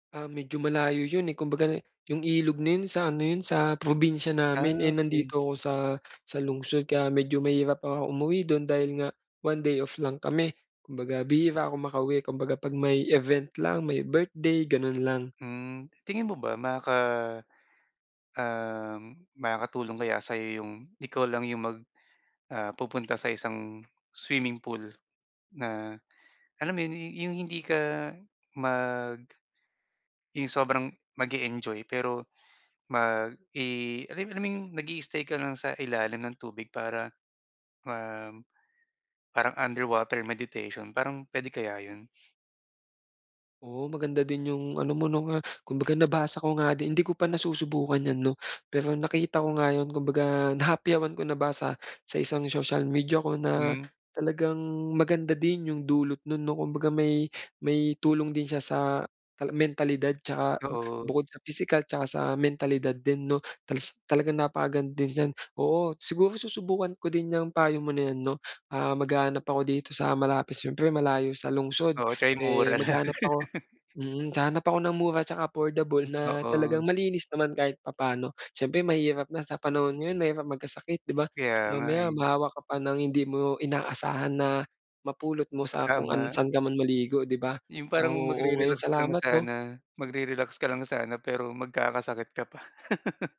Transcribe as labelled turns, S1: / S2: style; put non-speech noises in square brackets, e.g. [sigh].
S1: Ah, medyo malayo 'yun, eh, kumbaga, 'yung ilog na 'yun sa ano 'yun sa probinsya namin, eh,
S2: Ah, okey.
S1: nandito ako sa sa lungsod kaya medyo mahirap akong umuwi dun dahil nga, 1 day off lang kami, kumbaga bihira ako makauwi kumbaga kapag may event lang, may birthday, ganun lang.
S2: Hmm, tingin mo ba maka uhm, makakatulong kaya sayo 'yung ikaw lang 'yung mag ah pupunta sa isang swimming pool, na alam mo 'yun 'yung hindi ka mag 'Yung sobrang mag-e-enjoy pero, mag, eh, alam alam 'yung nag-i-stay ka lang sa ilalim ng tubig para, um, parang underwater meditation parang puwede kaya iyun?
S1: Oo maganda din 'yung ano mo 'no nga, kumbaga nabasa ko nga di hindi ko pa nasusubukan 'yan 'no, pero nakita ko nga 'yun kumbaga nahapyawan ko, nabasa sa isang social media ko na,
S2: Hmm.
S1: talagang maganda din 'yung dulot nun 'no? Kumbaga may may tulong din siya sa ta mentalidad at saka
S2: Oo.
S1: bukod sa pisikal, at saka sa mentalidad din 'no talas talagang napakaganda diyan. Oo, siguro susubukan ko din 'yang payo mo na yan 'no. Ah, maghahanap ako dito sa malapit siyempre malayo sa lungsod,
S2: Oo at saka 'yung
S1: eh,
S2: mura lang.
S1: maghahanap ako
S2: [laughs]
S1: mm. Hahanap ako ng mura at saka affordable na talagang
S2: Oo.
S1: malinis naman kahit papaano. Siyempre mahirap na sa panahon ngayon mahirap magkasakit 'di ba?
S2: Kaya nga,
S1: Mamaya
S2: eh.
S1: mahawa ka pa ng hindi mo inaasahan na mapulot mo sa kung ano
S2: Tama.
S1: saan ka man maligo di ba?
S2: 'Yung
S1: Ah,
S2: parang
S1: oo ngayon.
S2: magre-relax ka lang
S1: Salamat 'no.
S2: sana, magre-relax ka lang sana pero magkakasakit ka pa. [chuckles]